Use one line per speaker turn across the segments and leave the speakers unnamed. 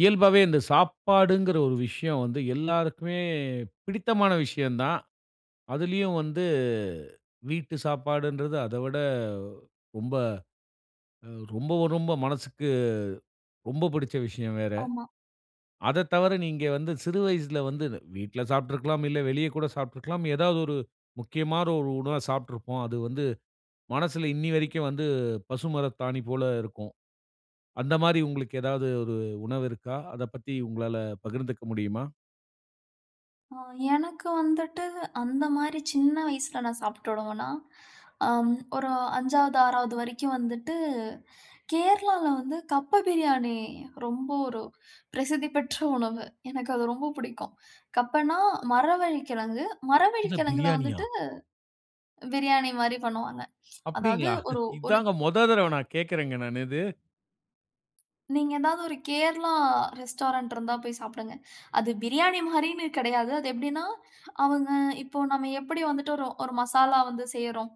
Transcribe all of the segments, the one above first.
இயல்பாவே இந்த சாப்பாடுங்கிற ஒரு விஷயம் வந்து எல்லாருக்குமே பிடித்தமான விஷயம் தான். அதிலியும் வந்து வீட்டு சாப்பாடுன்றது அத விட ரொம்ப, அ ரொம்ப, ரொம்ப மனசுக்கு ரொம்ப புடிச்ச விஷயம் வேற.
ஆமா.
அதத் தவிர, நீங்க வந்து சிறு வயசுல வந்து வீட்ல சாப்ட்ருக்கலாம் இல்ல வெளிய கூட சாப்ட்ருக்கலாம். ஏதாவது ஒரு முக்கியமான ஒரு உணவா சாப்ட்ருப்போம். அது வந்து மனசுல இன்னி வரைக்கும் வந்து பசுமரத்தாணி போல இருக்கும். அந்த மாரி உங்களுக்கு ஏதாது ஒரு உணவு இருக்கா? அத பத்தி உங்களால பகிர்ந்துக்க முடியுமா?
ஆ. எனக்கு வந்துட்டு அந்த மாரி சின்ன வயசுல நான் சாப்ட்ட உணவுனா, அம் ஒரு 5வது, 6வது வரைக்கும் வந்துட்டு கேரளால வந்து கப்ப பிரியாணி ரொம்ப ஒரு பிரசித்தி பெற்ற உணவு. எனக்கு அது ரொம்ப புடிக்கும். கப்பனா மரவள்ளிக்கிழங்கு.
என்ன
மரவள்ளிக்கிழங்குல
பிரியாணியா?
வந்துட்டு பிரியாணி மாதிரி பண்ணுவாங்க. அதாவது
அப்டிங்களா?
ஒரு ஒரு
இதாங்க முதல் தடவ நான் கேட்கறேங்க நானு இது.
நீங்க ஏதாவது ஒரு கேரளா ரெஸ்டாரண்ட் இருந்தா போய் சாப்டுங்க. அது பிரியாணி மாரின்னு கிடையாது. அது எப்டினா, அவங்க இப்போ நம்ம எப்படி வந்துட்டு ஒரு, ஒரு மசாலா வந்து செய்யறோம்.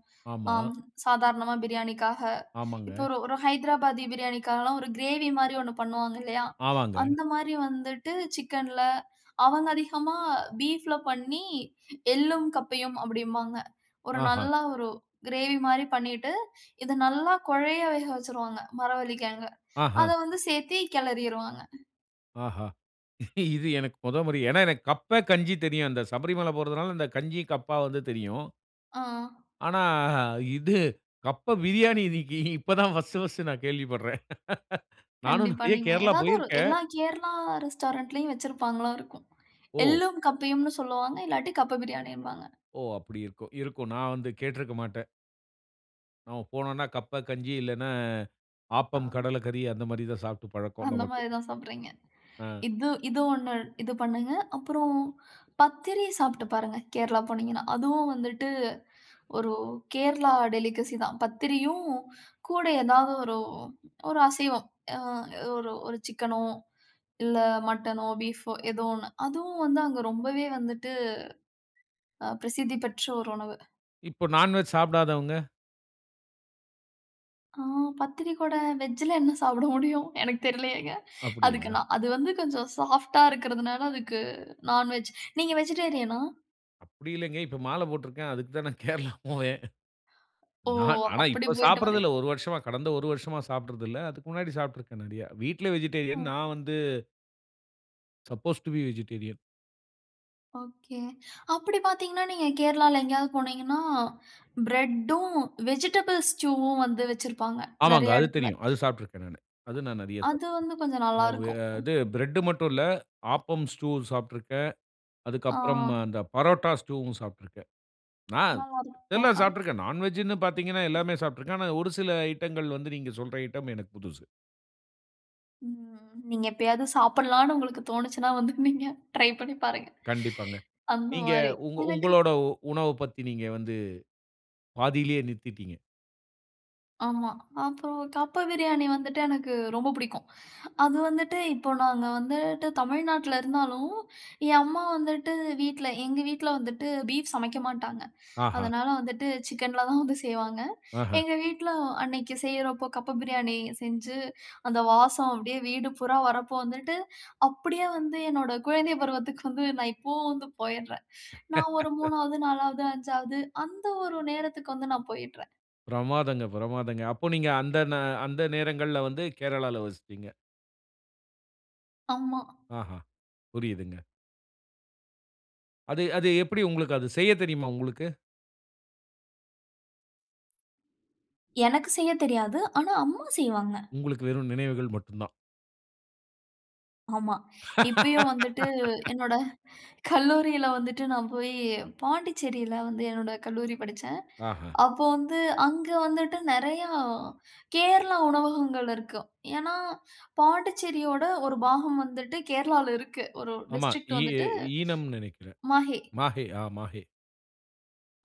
அம்.
ஆமா.
சாதாரணமா பிரியாணிக்காக. இப்போ
ஆமாங்க.
ஒரு ஒரு ஹைதராபாத்தி பிரியாணிக்காக எல்லாம், ஒரு கிரேவி மாரி ஒண்ணு பண்ணுவாங்க, இல்லையா!
ஆமாங்க.
அந்த மாரி வந்துட்டு சிக்கன்ல. அவங்க அதிகமா பீஃப்ல பண்ணி எள்ளும், கப்பையும் அப்டின்பாங்க. ஒரு நல்ல
ஆஹம்!
ஒரு கிரேவி மாரி பண்ணிட்டு இத நல்லா குழையா வேக வச்சிருவாங்க மரவள்ளிகிழங்க. அத
ஆஹம்!
வந்து சேர்த்தே கிளறிருவாங்க.
ஆஹா. இது எனக்கு முத முறை. ஏனா, எனக்கு கப்பே, கஞ்சி தெரியும். அந்த சபரிமல போறதனால அந்த கஞ்சி, கப்பா வந்து தெரியும்.
ஆ.
ஆனா, இது கப்ப பிரியாணி. இன்னிக்கு இப்போ தான் பர்ஸ்ட் பர்ஸ்ட் நான் கேள்விப்பட்றேன். நானும்
கண்டிப்பா.
நிறைய
நீங்க
கேரளா
ஏதாது ஒரு
போயிருக்கேன்.
எல்லா கேரளா ரெஸ்டாரண்ட்ல்யும் வச்சிருப்பாங்களா இருக்கும்.
ஓ!
எள்ளும் கப்பையும்னு சொல்வாங்க. இல்லாட்டி கப்ப பிரியாணின்பாங்க.
ஓ! அப்டி இருக்கும். இருக்கும் நான் வந்து கேட்ருக்க மாட்டன். அங்க போனோம்னா கப்ப, கஞ்சி. இல்லனா அ
ஆ.
ஆப்பம், கடலை கறி. அந்த மாரி தான் சாப்ட்டு பழக்கம்
அந்த
நமக்கு.
மாரி தான் சாப்பட்றீங்க.
அ.
இது இது ஒண்ணு இது பண்ணுங்க. அப்புறம் பத்திரி சாப்ட்டு பாருங்க, கேரளா போனீங்கன்னா. அதுவும் வந்துட்டு ஒரு கேரளா டெலிகசி தான். பத்திரியும் கூட ஏதாவது ஒரு ஒரு அசைவம். அ ஒரு ஒரு சிக்கனோ இல்ல மட்டனோ, பீஃப்போ ஏதோ ஒண்ணு. அதுவும் வந்து அங்க ரொம்பவே வந்துட்டு அ பிரசித்தி பெற்ற ஒரு உணவு.
இப்போ நான் வெஜ் சாப்டாதவங்க?
ஆ. பத்திரிகூட வெஜ்ஜுல என்ன சாப்ட முடியும். எனக்குத் தெரிலயேங்க. அதுக்கு
அப்படியா?
நா அது வந்து கொஞ்சம் சாஃப்ட்டா இருக்கறதனால, அதுக்கு நான் வெஜ். நீங்க வெஜிடேரியனா?
அப்டி இல்லங்க, இப்ப மாலை போட்ருக்கேன். அதுக்கு தான் நான் கேரளா போவேன்.
ஓ!
நான் ஆனா,
அப்டி
இப்ப
போயிட்டு
சாப்ட்றது
வர்றீங்க.
இல்ல. 1 வருஷமா, கடந்த 1 வருஷமா சாப்ட்றது இல்ல. அதுக்கு முன்னாடி சாப்பிட்ருக்கேன் நெறயா. வீட்ல
ஓ.
வெஜிடேரியன். நான் வந்து suppose to be vegetarian.
Okay. அப்டி பார்த்தீங்கன்னா நீங்க கேரளால எங்கேயாவது போனீங்கன்னா, பிரெட்டும், வெஜிடபிள்ஸ் வ்வும் வந்து வச்சிருப்பாங்க.
ஆமாங்க.
நெறையா
அது
எடத்துல.
தெரியும். அது சாப்ட்ருக்றேன் நானு. அது நான் நெறைய
அது
சாப்பிட்ருக்கேன்.
வந்து கொஞ்சம் நல்லா
ம வ
இருக்கும்.
இது பிரெட் மட்டும் இல்ல ஆப்பம் ஸ்டூ சாப்ட்ருக்கேன். அதுக்கப்புறம்
ஆ.
அந்த பரோட்டா ஸ்டூவும் சாப்ட்ருக்கேன். ஆ
நல்லா இருக்கும்.
எல்லாம் சாப்ட்ருக்கேன். நான் வெஜ்னு பார்த்தீங்கன்னா, எல்லாமே சாப்ட்ருக்கேன். ஆனா ஒரு சில ஐட்டங்கள் வந்து நீங்க சொல்ற ஐட்டம், எனக்கு புதுது.
ம் நீங்க எப்பயாவது சாப்டலாம்ன்னு உங்களுக்கு தோனுச்சசுன்னா வந்து நீங்க, ட்ரை பண்ணி பாருங்க.
கண்டிப்பாங்க.
அந்த
நீங்க
மாரி.
உங்க
எனக்கு
உங்களோட உணவ பத்தி நீங்க வந்து, பாதியிலயே நிறுத்தீட்டிங்க.
ஆமா அப்புறம் கப்ப பிரியாணி வந்துட்டு எனக்கு ரொம்ப புடிக்கும். அது வந்துட்டு இப்போ நாங்க வந்துட்டு தமிழ்நாட்ல இருந்தாலும், என் அம்மா வந்துட்டு வீட்ல, எங்க வீட்ல வந்துட்டு, பீஃப் சமைக்க மாட்டாங்க.
ஆஹா!
அதனால வந்துட்டு சிக்கன்ல தான் வந்து செய்வாங்க.
ஆஹ.
எங்க வீட்ல அன்னைக்கி செய்றப்போ, கப்ப பிரியாணி செஞ்சு அந்த வாசம் அப்டியே வீடு பூரா வர்றப்போ வந்துட்டு, அப்டியே வந்து என்னோட குழந்தை பருவத்துக்கு வந்து நான் இப்போவும் வந்து போயிட்றேன். நான் ஒரு 3வது, 4வது, 5வது அந்த ஒரு நேரத்துக்கு வந்து நான் போயிட்றேன்.
பிரமாதங்க பிரமாதங்க. அப்போ நீங்க அந்த நா அந்த நேரங்கள்ல வந்து கேரளால வசிப்பீங்க.
ஆமா.
ஆஹா. புரியுதுங்க. அது அது எப்படி உங்களுக்கு, அது செய்ய தெரியுமா உங்களுக்கு?
எனக்கு செய்ய தெரியாது. ஆனா அம்மா செய்வாங்க.
உங்களுக்கு வெறும் நினைவுகள் மட்டுந்தான்.
ஆமா. இப்பயும் வந்துட்டு என்னோட கல்லூரியில வந்துட்டு, நான் போயி பாண்டிச்சேரியில வந்து என்னோட கல்லூரி படிச்சேன்.
ஆஹ.
அப்போ வந்து அங்க வந்துட்டு நெறையா கேரளா உணவகங்கள் இருக்கு. ஏன்னா பாண்டிச்சேரியோட ஒரு பாகம் வந்துட்டு கேரளாவுல இருக்கு. ஒரு
ஆமா
டிஸ்ட்ரிக்ட்
ஈ எ
வந்துட்டு
ஈனம்னு நினைக்கிறேன்.
மாஹே.
மாஹே ஆ மாஹே.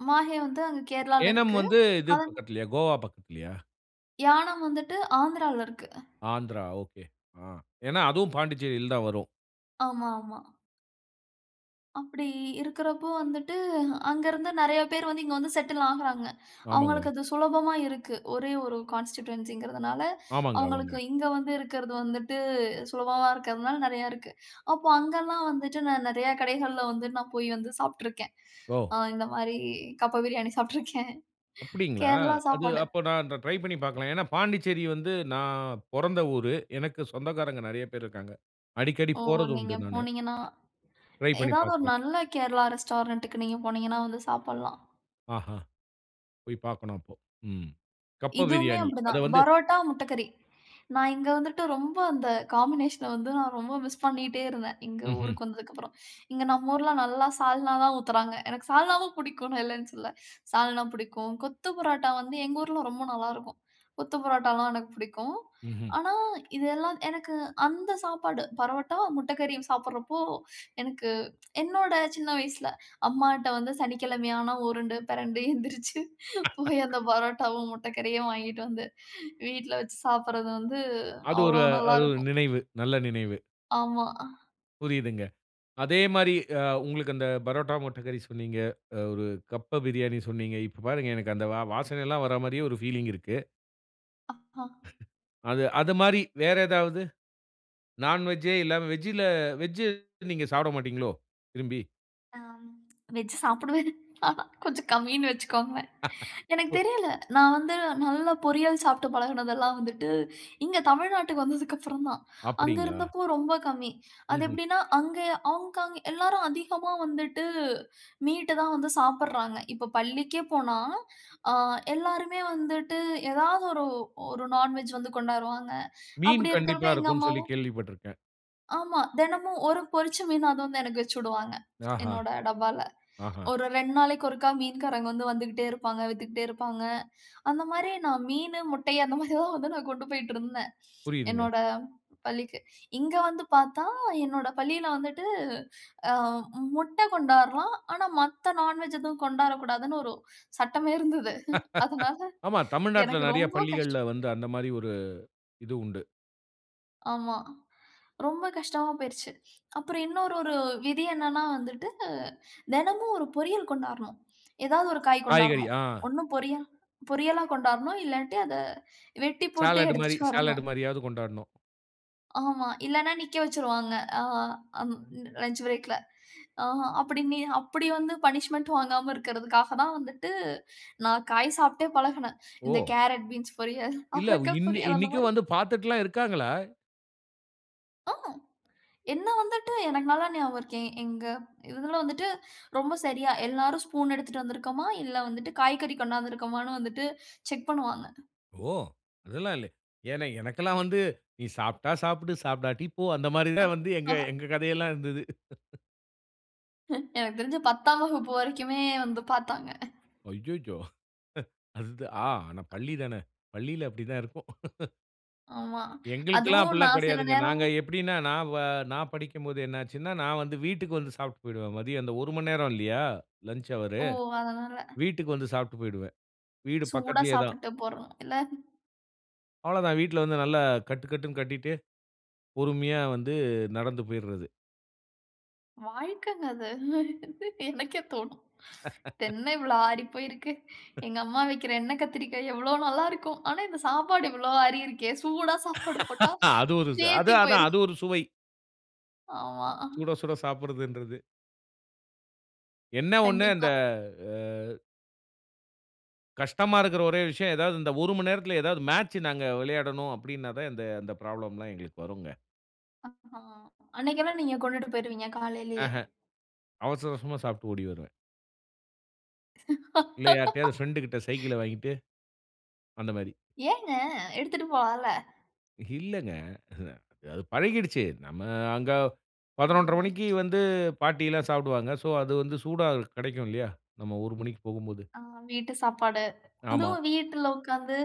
மாஹே வந்து அங்கு கேரளாவுல
ஏனம்
இருக்கு.
வந்து இது
அத
பக்கத்துலயா கோவா பக்கத்துலயா?
யாணம் வந்துவிட்டு, ஆந்திரால இருக்கு.
ஆந்திரா ஒகே. ஆ. ஏன்னா அதுவும் பாண்டிச்சேரில தான் வரும்.
ஆமா, ஆமா. அப்படி இருக்கிறப்போ வந்துட்டு, அங்கருந்து நிறைய பேர் வந்து இங்க வந்து செட்டில் ஆகுறாங்க
ஆமாங்க.
அவுங்களுக்கு அது சுலபமா இருக்கு. ஒரே 1 கான்ஸ்டிட்யென்சிங்கிறதுனால,
ஆமங்க,
அவங்களுக்கு
ஆமங்க.
இங்க வந்து இருக்கிறது வந்துட்டு, சுலபமாக இருக்கிறதுனால நிறையா இருக்கு. அப்போ அங்கலாம் வந்துட்டு நான் நிறையா கடைகள்ல வந்து நான் போயி வந்து சாப்ட்டுருக்கேன். அ
ஓ!
இந்த மாரி கப்ப பிரியாணி சாப்ட்டுருக்கேன்.
அப்படிங்களா?
கேரளா
அது
சாப்பாடு.
அப்போ நான் அந்த ட்ரை பண்ணி பாக்கலாம். ஏன்னா பாண்டிச்சேரி வந்து நான் பொறந்த ஊரு. எனக்கு சொந்தக்காரங்க நிறைய பேர் இருக்காங்க. அடிக்கடி
ஓ
போறது
நீங்க
உண்டு நானு.
போனீங்கன்னா,
ட்ரை பண்ணி
ஏதாவது ஒரு
பாக்குறேன்.
நல்ல கேரளா ரெஸ்டாரண்ட்டுக்கு நீங்க போனீங்கன்னா வந்து சாப்பிடலாம்.
ஆஹா. போய் பார்க்கணும் அப்போ. ம். கப்ப
இதுவுமே
பிரியாணி. அத
அப்டிதான்.
வந்து
பரோட்டா, முட்டக்கறி. நான் இங்க வந்துட்டு ரொம்ப அந்த காம்பினேஷன வந்து நான் ரொம்ப மிஸ் பண்ணிட்டே இருந்தேன். இங்க
ம்ஹ்ம்.
ஊருக்கு வந்ததுக்கப்புறம். இங்க நம்ம ஊர்ல நல்லா சால்னா தான் ஊத்தறாங்க. எனக்கு சால்னாவும் புடிக்கும். நான் இல்லன்னு சொல்லல. சால்னா புடிக்கும், கொத்து பரோட்டா வந்து எங்க ஊர்ல ரொம்ப நல்லாருக்கும். கொத்து பரோட்டாலாம் எனக்கு புடிக்கும்.
ம்ஹ்ம்.
ஆனா, இதெல்லாம் எனக்கு அந்த சாப்பாடு பரோட்டா, முட்டக்கறியும் சாப்பட்றப்போ எனக்கு என்னோட சின்ன வயசுல, அம்மாட்ட வந்து சனிக்கிழமையான உருண்டு பிரண்டு எந்திரிச்சு. போய் அந்த பரோட்டாவும், முட்டக்கறியும் வாங்கிட்டு வந்து வீட்ல வச்சு சாப்பட்றது வந்து
அது ஒரு
அவ்ளோ
அது ஒரு
நல்லாருக்கும்.
நினைவு. நல்ல நினைவு.
ஆமா.
புரியுதுங்க. அதே மாரி அ உங்களுக்கு அந்த பரோட்டா, முட்டைக்கறி சொன்னீங்க. அ ஒரு கப்ப பிரியாணி சொன்னீங்க. இப்போ பாருங்க எனக்கு அந்த வா வாசனை எல்லாம் வர மாரியே ஒரு பீலிங் இருக்கு.
அ, ஆ.
அது. அத மாரி வேற ஏதாவது? நான் வெஜ்ஜு இல்லாம வெஜ்ல வெஜ் நீங்க சாப்ட மாட்டீங்களோ, விரும்பி.
அம். வெஜ் சாப்டுவேன். கொஞ்சம் கம்மின்னு வச்சுக்கோங்க. எனக்கு
ஓ.
தெரியல நான் வந்து நல்லா பொரியல் சாப்ட்டு பழகினதெல்லாம் வந்துட்டு இங்க தமிழ்நாட்டுக்கு வந்ததுக்கப்புறந்தான். அங்க
அப்டிங்களா?
இருந்தப்போ ரொம்ப கம்மி. அது
ம்ஹ்ம்.
எப்டின்னா அங்க ஹாங்காங் எல்லாரும் அதிகமா வந்துட்டு மீட்டு தான் வந்து சாப்பட்றாங்க. இப்போ பள்ளிக்கே போனா, ஆ. எல்லாருமே வந்துட்டு ஏதாவது ஒரு ஒரு நான்வெஜ் வந்து கொண்டாருவாங்க.
மீன்
அப்படி இருக்கிறப்போ
கண்டிப்பா
எங்க
இருக்கும்னு சொல்லி
அம்மாவும்
கேள்விப்பட்ருக்கேன்.
ஆமா. தெனமும் 1 பொறிச்ச மீன் அது வந்து எனக்கு வச்சுவுடுவாங்க,
ஆஹா,
என்னோட டப்பால.
ஆஹா.
ஒரு 2 நாளைக்கு ஒருக்கா மீன்காரங்க வந்து வந்துக்கிட்டே இருப்பாங்க, வித்துக்கிட்டே இருப்பாங்க. அந்த மாரி நா மீனு, முட்டை அந்த மாரி தான் வந்து நா கொண்டு போயிட்டுருந்தேன்,
புரியுதுங்க.
என்னோட பள்ளிக்கு. இங்க வந்து பார்த்தா, என்னோட பள்ளியில வந்துட்டு அ முட்ட கொண்டாரலாம், ஆனா மத்த நான்வெஜ் எதுவும் கொண்டாரக்கூடாதுன்னு ஒரு சட்டமே இருந்தது. அதுனால,
ஆமா. தமிழ்நாட்டுல
எனக்கு
நெறைய
ரொம்போ கஷ்டம்
பள்ளிகள்ல வந்து அந்த மாரி ஒரு இது உண்டு.
ஆமா. ரொம்ப கஷ்டமா போயிருச்சு. அப்பறம் இன்னொரு ஒரு விதி என்னன்னா வந்துட்டு, தெனமும் 1 பொரியல் கொண்டாரணும். ஏதாவது 1 காய்
காய்கறி,
கொண்டாரணும்.
ஆ.
ஒண்ணு பொரியல் பொரியலா கொண்டாரணும், இல்லாட்டி அத வெட்டி போட்டு
சாலட்டு மாரி
எடுத்துட்டு வரணும்.
சாலட் மாரியாது கொண்டாரணும்.
ஆமா. இல்லன்னா நிக்க வச்சுருவாங்க. ஆ அம் லஞ்ச் பிரேக்ல. ஆ அப்படி நி அப்படி வந்து பனிஷ்மென்ட்டும் வாங்காம இருக்கறதுக்காக தான் வந்துட்டு, நா காய் சாப்பிட்டே பழகுனேன். இந்த
ஓ!
கேரட் பீன்ஸ் பொரியல்,
இல்ல,
அவரக்கா
இன்
பொரியல் அந்த
இன்னைக்கும்
மாரி.
வந்து பார்த்துட்டுல்லாம் இருக்காங்களா?
ஆ. என்ன வந்துட்டு எனக்கு நல்லா ஞாபகம் இருக்கு. எ எங்க இதுல வந்துட்டு, ரொம்ப சரியா எல்லாரும் ஸ்பூன் எடுத்துட்டு வந்துருக்கமா, இல்ல வந்துட்டு காய்கறி கொண்டாந்து இருக்கமான்னு வந்துட்டு செக் பண்ணுவாங்க.
ஓ! அதெல்லாம் இல்லை. ஏன்னா, எனக்கெல்லாம் வந்து, "நீ சாப்ட்டா சாப்டு, சாப்டாட்டி போ!" அந்த மாரி தான் வந்து
ஆ.
எங்க எங்க கதையெல்லாம் இருந்தது.
எனக்கு தெரிஞ்சு 10ஆம் வகுப்பு வரைக்குமே வந்து பாத்தாங்க.
அய்யயோ! அ அது த ஆ ஆனா பள்ளிதானே. பள்ளில அப்டிதான் இருக்கும்.
ஆமா.
எங்களுக்கெல்லாம்
அதுவும்
அப்டில்லாம்
நான் சில
கிடையாதுங்க.
நேரம்
நாங்க எப்டின்னா நான் வ நான் படிக்கும்போது என்ன ஆச்சுன்னா, நான் வந்து வீட்டுக்கு வந்து சாப்ட்டு போய்டுவேன். மதியம் அந்த 1 மண்நேரம் இல்லையா லஞ்ச் ஹவரு.
ஓ! அதனால.
வீட்டுக்கு வந்து சாப்ட்டு போய்டுவேன். வீடு
சூடா
பக்கத்துலயே தான்.
சாப்பிட்டு போட்றோம் இல்ல!
அவ்வள தான். வீட்ல வந்து நல்லா கட்டு கட்டுன்னு கட்டிட்டு, பொறுமையா வந்து நடந்து போய்டுறது.
வாழ்க்கங்க அது, எனக்கே தோணும். இதென்ன இவ்ளோ ஆடி போயிருக்கு. எங்க அம்மா வைக்கிற எண்ணெ கத்திரிக்காய எவ்ளோ நல்லாருக்கும். ஆனா இந்த சாப்பாடு இவ்ளோ ஆறி இருக்கே சூடா சாப்பாடு போட்டா
அ அது ஒரு இது. அது
சேத்தி
அதான்
போய்ரும்.
அது ஒரு சுவை.
ஆமா.
சுட சுட சாப்பிடுறதுன்றது. என்ன ஒண்ணு
கண்டிப்பா.
அந்த அ கஷ்டமா இருக்கிற ஒரே விஷயம், ஏதாவது இந்த 1 மணி நேரத்ல ஏதாவது மேட்ச் நாங்க விளையாடணும் அப்படின்னா தான் இந்த இந்த ப்ராப்ளம்லாம் எங்களுக்கு வரும்ங்க.
ஆஹா. அன்னைக்கெல்லாம் நீங்க கொண்டுட்டு போய்டுவீங்க காலையிலயே.
ஆஹ. அவசர அவசரமா சாப்ட்டு ஓடி வருவேன். இல்ல யார்ட்டயாவது பிரெண்ட்டு கிட்ட சைக்கிள வாங்கிட்டு, அந்த மாரி
ஏங்க எடுத்துட்டு போலாம்ல?
இல்லங்க. அ அது பழகிடுச்சி. நம்ம அங்க 11:30
ஆமா.
மணிக்கு வந்து பாட்டிலாம் சாப்டுவாங்க. சோ, அது வந்து சூடா கிடைக்கும் இல்லையா நம்ம 1:00 மணிக்கு போகும்போது?
ஆ. வீட்டு சாப்பாடு.
ஆமா.
அதுவும் வீட்டுல உட்கார்ந்து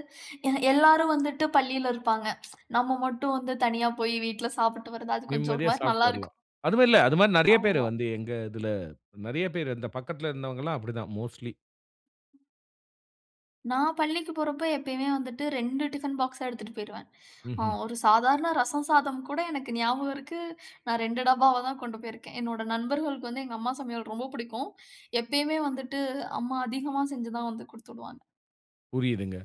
எ எல்லாரும் வந்துட்டு பள்ளியில இருப்பாங்க. நம்ம மட்டும் வந்து தனியா போய் வீட்ல சாப்ட்டு வர்றது. அது கொஞ்சம் ஒரு
நிம்மதியா
மாரி
சாப்ட்டு வரலாம்.
நல்லாருக்கும்.
அதுவு இல்ல. அது மாரி நிறைய பேர்
ஆமா.
வந்து எங்க இதுல நிறைய பேர் இந்த பக்கத்துல இருந்தவங்க எல்லாம் அப்டி தான் மோஸ்ட்லி.
நான் பள்ளிக்கு போறப்போ, எப்பயுமே வந்துட்டு 2 டிஃபன் பாக்ஸா எடுத்துட்டு போயிடுவன். அ
ம்ஹ்ம்.
ஒரு சாதாரண ரசம் சாதம் கூட எனக்கு ஞாபகம் இருக்கு. நான் 2 டப்பாவா தான் கொண்டு போயிருக்கேன். என்னோட நண்பர்களுக்கு வந்து எங்க அம்மா சமையல் ரொம்ப புடிக்கும். எப்பயுமே வந்துட்டு, அம்மா அதிகமா செஞ்சுதான் வந்து குடுத்து உடுவாங்க.
புரியுதுங்க.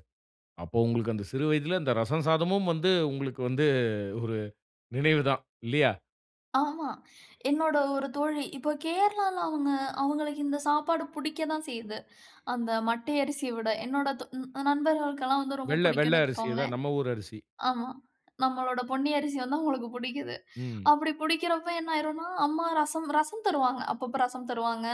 அப்போ உங்களுக்கு அந்த சிறு வயதுல அந்த ரசம் சாதமும் வந்து உங்களுக்கு வந்து ஒரு நினைவுதான் இல்லீயா?
ஆமா, என்னோட ஒரு தோழி இப்போ கேரளால அவங்க அவங்களுக்கு இந்த சாப்பாடு பிடிக்க தான் செய்யுது, அந்த மட்டை அரிசிய விட. என்னோட தோ நண்பர்களுக்கெல்லாம் வந்து ரொம்ப
வெள்ள வெள்ள
பிடிக்கும்னு
அரிசி தான்
வச்சுக்கோங்களேன்.
நம்ம ஊர் அரிசி.
ஆமா நம்மளோட பொன்னி அரிசி வந்து அவங்களுக்கு பிடிக்குது.
ம்.
அப்படி பிடிக்கிறப்போ என்ன ஆயிடும்னா, அம்மா ரசம் ரசம் தருவாங்க. அப்பப்போ ரசம் தருவாங்க.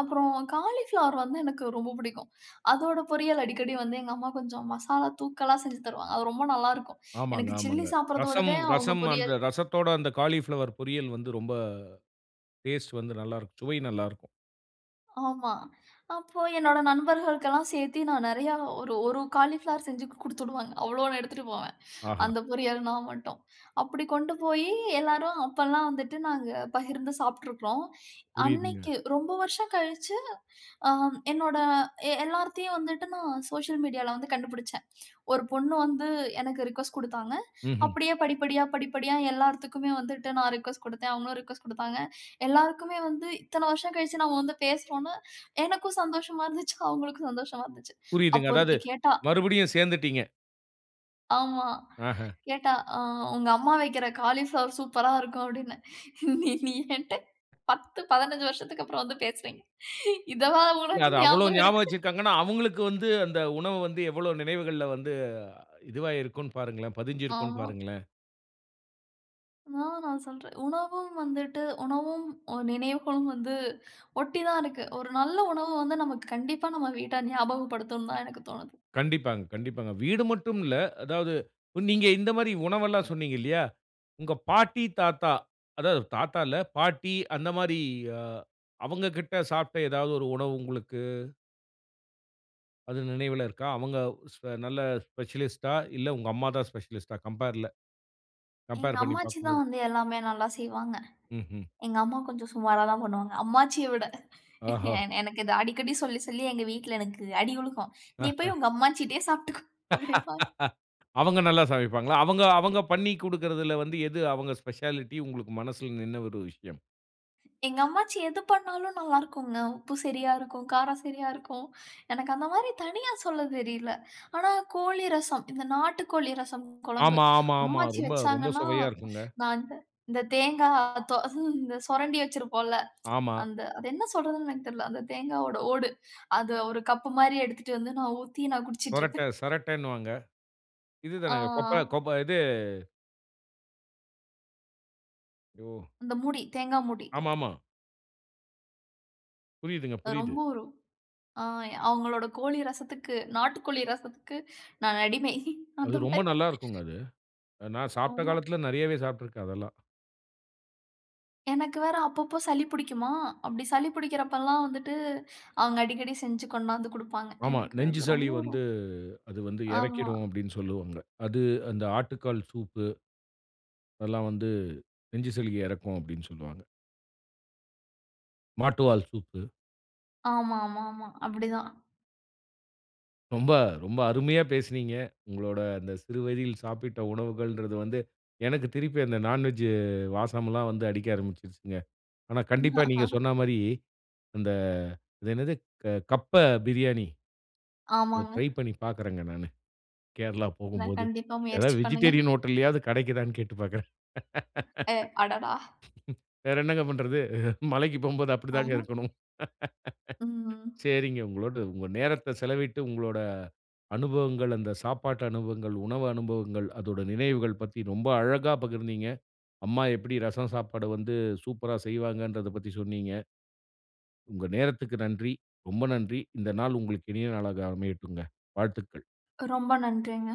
அப்புறம் காலிஃப்ளவர் வந்து எனக்கு ரொம்ப பிடிக்கும். அதோட பொரியல் அடிக்கடி வந்து எங்க அம்மா கொஞ்சம் மசாலா தூக்கலா செஞ்சு தருவாங்க. அது ரொம்ப நல்லாருக்கும்.
ஆமாங்க
எனக்கு சில்லி
ஆமாங்க. ரசம்
சாப்பிடுறதோடவே அவங்க
ரசம்
பொரியல்
அந்த ரசத்தோட அந்த காளிபிளவர் பொரியல் வந்து ரொம்ப டேஸ்ட் வந்து நல்லா இருக்கும். சுவை நல்லா இருக்கும்.
ஆமா. அப்போ என்னோட நண்பர்களுக்கு எல்லாம் சேர்த்து நான் நிறைய ஒரு ஒரு காளிபிளவர் செஞ்சு குடுத்து விடுவாங்க. அவ்வளவு எடுத்துட்டு போவேன்.
ஆஹா.
அந்த பொரியல் நான் மட்டும். அப்படி கொண்டு போய் எல்லாரும் அப்பெல்லாம் வந்துட்டு நாங்க பகிர்ந்து சாப்பிட்டு இருக்கோம்.
புரியுதுங்க.
அன்னைக்கு ரொம்ப வருஷம் கழிச்சு அ என்னோட எல்லார்த்துக்குமே வந்துட்டு நான் சோசியல் மீடியால வந்து கண்டுபிடிச்சேன். ஒரு பொண்ணு வந்து எனக்கு ரிக்வொஸ்ட் குடுத்தாங்க.
ம்ஹ்ம்.
அப்படியே படிப்படியா படிப்படியா எல்லார்த்துக்குமே வந்துட்டு நான் ரிக்வெஸ்ட் கொடுத்தேன். அவங்களும் ரிக்வெஸ்ட் குடுத்தாங்க. எல்லாருக்குமே வந்து இத்தனை வருஷம் கழிச்சு நாம வந்து பேசுறோம்ன்னு எனக்கும் சந்தோஷமா இருந்துச்சு. அவங்களுக்கும் சந்தோஷமா இருந்துச்சு.
புரியுதுங்க.
அப்போ
அதாவது
ஒருத்தி கேட்டா.
மறுபடியும் சேர்ந்துட்டீங்க.
ஆமா.
ஆஹா.
கேட்டா ஆ உங்க அம்மா வைக்கிற காளிபிளவர் சூப்பரா இருக்கும் அப்டின்னு. நீ நீ என்ட்ட 10 -15 வருஷத்துக்கு அப்புறம் வந்து பேசுறீங்க. இதுவா
இல்ல.
உனக்கு
அத அவ்வளோ
ஞாபகம்
ஞாபகம்
இருக்கு.
வச்சுருக்காங்கன்னா, அவங்களுக்கு வந்து அந்த உணவு வந்து எவ்வளோ நினைவுகள்ல வந்து இதுவா இருக்கும் பாருங்களேன், பதிஞ்சு இருக்கும்
ஆமா.
பாருங்களேன்.
நான் நான் சொல்றேன். உணவும் வந்துட்டு உணவும், அ நினைவுகளும் வந்து ஒட்டி தான் இருக்கு. ஒரு நல்ல உணவு வந்து நமக்கு கண்டிப்பா நம்ம வீட்டார் ஞாபகப்படுத்தணும்னு தான் எனக்கு தோணுது.
கண்டிப்பாங்க கண்டிப்பாங்க. வீடு மட்டும் இல்ல அதாவது, நீங்க இந்த மாரி உணவுல்லாம் சொன்னீங்க இல்லையா, உங்க பாட்டி, தாத்தா அதாவது தாத்தா இல்ல பாட்டி அந்த மாரி அ அவங்கக்கிட்ட சாப்பட்ட ஏதாவது ஒரு உணவு உங்களுக்கு அது நினைவுல இருக்கா? அவங்க ஸ்பெ நல்ல ஸ்பெஷலிஸ்ட்டா இல்ல உங்க அம்மா தான் ஸ்பெஷலிஸ்ட்டா கம்பேர்ல.
எங்க
கம்பேர் பண்ணி
அம்மாச்சி
பார்க்கும்போது.
தான் வந்து எல்லாமே நல்லா செய்வாங்க.
ம்ஹூம்.
எங்க அம்மா கொஞ்சம் சுமாரா தான் பண்ணுவாங்க அம்மாச்சியை விட
ஆஹா.
எனக்கு இத அடிக்கடி சொல்லி சொல்லி எங்க வீட்ல எனக்கு அடி உழுகும். நீ போய்
ஆஹ.
உங்க அம்மாச்சிட்டேயே சாப்பட்டுக்கோ அப்டின்பாங்க.
அவங்க நல்லா சமைப்பாங்களா? அவங்க அவங்க பண்ணி குடுக்கறதுல வந்து எது அவங்க ஸ்பெஷாலிட்டி உங்களுக்கு மனசுல நின்ன ஒரு விஷயம்.
எங்க அம்மாச்சி எது பண்ணாலும் நல்லா இருக்குங்க. உப்பு சரியா இருக்கும். காரம் சரியா இருக்கும். எனக்கு அந்த மாரி தனியா சொல்லத் தெரியல. ஆனா கோழி ரசம் இந்த நாட்டு கோழி ரசம் குழம்பு
ஆமா, ஆமா, ஆமா
அம்மாச்சி
ரொம்ப ரொம்ப
வச்சாங்கன்னா,
சுவையா இருக்குங்க.
நான் இந்த தேங்காய் தோ இந்த சுரண்டி வச்சிருப்போம்ல.
ஆமா.
அந்த அது என்ன சொல்றதுன்னு எனக்கு தெரியல. அந்த தேங்காயோட ஓடு. அத ஒரு கப் மாரி எடுத்துட்டு வந்து நான் ஊத்தி நான் குடிச்சிட்டு
சரட்டை
இருப்பேன்.
சரட்டைன்னுவாங்க. இது
ஆ.
தானே கோப்ற கோப் இது. யோ.
அந்த மூடி. தேங்காய் மூடி.
ஆமாமா. புரியுதுங்க.
அ
புரியுது.
ரொம்ப ஒரு அ அவங்களோட கோழி ரசத்துக்கு நாட்டு கோழி ரசத்துக்கு நான் அடிமை.
அது
அந்த
ரொம்ப
மாரி.
நல்லா இருக்குங்க அது. நான் சாப்பிட்ட
ஆமா.
காலத்தில நிறையவே சாப்பிட்டு இருக்கேன் அதெல்லாம்.
எனக்கு வேற அப்பப்ப சளி பிடிக்குமா, அப்படி சளி பிடிக்கிறப்பலாம் வந்துட்டு அவங்க அடிக்கடி செஞ்சு கொண்டு வந்து கொடுப்பாங்க.
ஆமா.
எனக்கு
நெஞ்சு
அது
சளி
ரொம்ப ரொ
வந்து அது வந்து
ஆமா.
இறக்கிடும் அப்படின்னு சொல்லுவாங்க. அது அந்த ஆட்டுக்கால் சூப்பு. அதெல்லாம் வந்து நெஞ்சு சளிய இறக்கும் அப்படின்னு சொல்லுவாங்க. மாட்டுவால் சூப்பு.
ஆமா, ஆமா, ஆமா அப்படிதான்.
ரொம்ப, ரொம்ப அருமையா பேசினீங்க. உங்களுடைய அந்த சிறு வயதில் சாப்பிட்ட உணவுகள்ங்கறது வந்து எனக்கு திருப்பி அந்த நான் வெஜ் வாசம்லாம் வந்து அடிக்க ஆரம்பிச்சுடுச்சுங்க. ஆனா, கண்டிப்பா நீங்க சொன்ன மாதிரி அந்த இது என்னது கப்ப பிரியாணி. இதை
ஆமாங்க.
ட்ரை பண்ணி பார்க்கிறேங்க நானு. கேரளா
நான்
போகும்போது
கண்டிப்பா முயற்சி
ஏதாவது
பண்ணுங்க.
வெஜிடேரியன் ஹோட்டல்லயாவது கிடைக்குதான்னு கேட்டு பார்க்கறேன்.
அ அடடா!
வேற என்னங்க பண்றது, மலைக்கு போகும்போது அப்படி தாங்க
ஆமா.
இருக்கணும்.
ம்ஹ்ம்.
சரிங்க உங்களோடு உங்க நேரத்த செலவிட்டு உங்களோட அனுபவங்கள், அந்த சாப்பாட்டு அனுபவங்கள், உணவு அனுபவங்கள் அதோட நினைவுகள் பத்தி ரொம்ப அழகா பகிர்ந்தீங்க. அம்மா எப்படி ரசம் சாப்பாடு வந்து சூப்பர்ரா செய்வாங்கங்கறதைப் பத்தி சொன்னீங்க. உங்க நேரத்துக்கு நன்றி. ரொம்ப நன்றி. இந்த நாள் உங்களுக்கு இனிய நாளா அமையட்டுங்க. வாழ்த்துகள்.
ரொம்ப நன்றிங்க.